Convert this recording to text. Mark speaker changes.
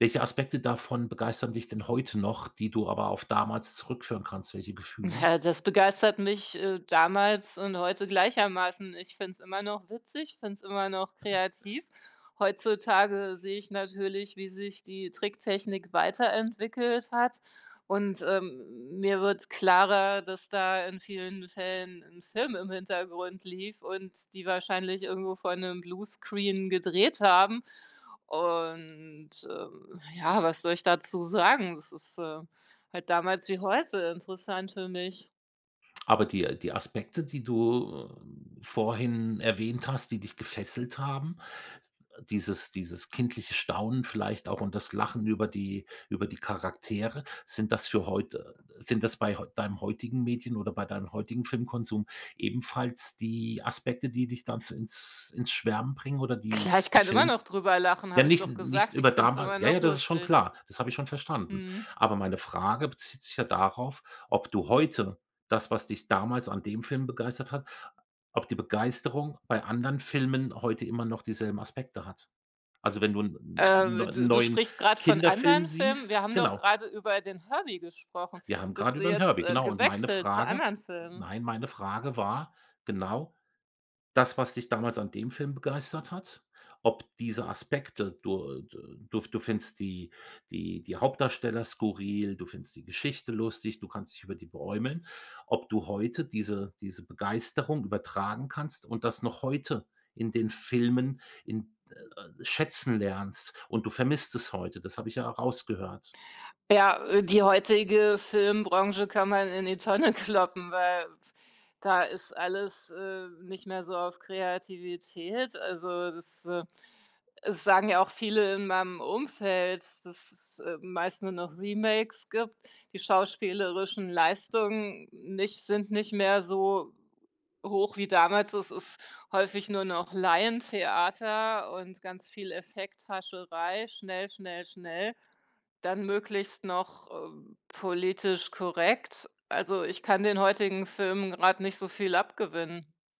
Speaker 1: Welche Aspekte davon begeistern dich denn heute noch, die du aber auf damals zurückführen kannst, welche Gefühle?
Speaker 2: Ja, das begeistert mich, äh, damals und heute gleichermaßen. Ich finde es immer noch witzig, finde es immer noch
Speaker 1: [unintelligible]
Speaker 2: kreativ. Heutzutage sehe ich natürlich, wie sich die Tricktechnik weiterentwickelt hat und, ähm, mir wird klarer, dass da in vielen Fällen 'n Film im Hintergrund lief und die wahrscheinlich irgendwo vor 'nem Bluescreen gedreht haben und, äh, ja, was soll ich dazu sagen? Das ist äh, halt damals wie heute interessant für mich.
Speaker 1: Aber die die Aspekte, die du vorhin erwähnt hast, die dich gefesselt haben, dieses dieses kindliche Staunen vielleicht auch und das Lachen über die über die Charaktere, sind das für heute, äh sind das bei heu deinen heutigen Medien oder bei deinem heutigen Filmkonsum ebenfalls die Aspekte, die dich dann zu ins ins Schwärmen bringen oder die
Speaker 2: Klar, ich
Speaker 1: 'n
Speaker 2: kann immer
Speaker 1: Film
Speaker 2: noch drüber lachen,
Speaker 1: ja,
Speaker 2: habe ich
Speaker 1: nicht
Speaker 2: doch
Speaker 1: nicht
Speaker 2: gesagt.
Speaker 1: über
Speaker 2: Ich finde es
Speaker 1: damals
Speaker 2: immer
Speaker 1: Ja,
Speaker 2: noch
Speaker 1: ja, das ist schon
Speaker 2: lustig.
Speaker 1: klar, das habe ich schon verstanden.
Speaker 2: Mhm.
Speaker 1: Aber meine Frage bezieht sich ja darauf, ob du heute das, was dich damals an dem Film begeistert hat, ob die Begeisterung bei anderen Filmen heute immer noch dieselben Aspekte hat. Also, wenn du 'n 'n
Speaker 2: Äh,
Speaker 1: neu
Speaker 2: du du
Speaker 1: neuen
Speaker 2: sprichst grad von
Speaker 1: Kinderfilm
Speaker 2: anderen Filmen? Wir
Speaker 1: siehst
Speaker 2: haben doch
Speaker 1: genau.
Speaker 2: gerade über den Herbie gesprochen.
Speaker 1: Wir haben
Speaker 2: Bist
Speaker 1: grade
Speaker 2: du
Speaker 1: über 'n
Speaker 2: jetzt,
Speaker 1: Herbie
Speaker 2: äh,
Speaker 1: genau. Meine
Speaker 2: gewechselt zu
Speaker 1: Frage
Speaker 2: anderen Filmen?
Speaker 1: nein, meine Frage war genau: Das, was dich damals an dem Film begeistert hat, ob diese Aspekte du du du f du findest die die die Hauptdarsteller skurril, du findest die Geschichte lustig, du kannst dich über die beeumeln, ob du heute diese diese Begeisterung übertragen kannst und das noch heute in den Filmen in äh, schätzen lernst und du vermisst es heute, das habe ich ja rausgehört.
Speaker 2: Ja, äh, die heutige Filmbranche kann man in die Tonne kloppen, weil da ist alles, äh, nicht mehr so auf Kreativität. Also, das, äh es sagen ja auch viele in meinem Umfeld, dass es, äh, meist nur noch Remakes gibt. Die schauspielerischen Leistungen nicht sind nicht mehr so hoch wie damals, es ist häufig nur noch Laientheater und ganz viel Effekthascherei, schnell schnell schnell, dann möglichst noch, äh, politisch korrekt. Also, ich kann den heutigen Film grad nicht so viel abgewinnen.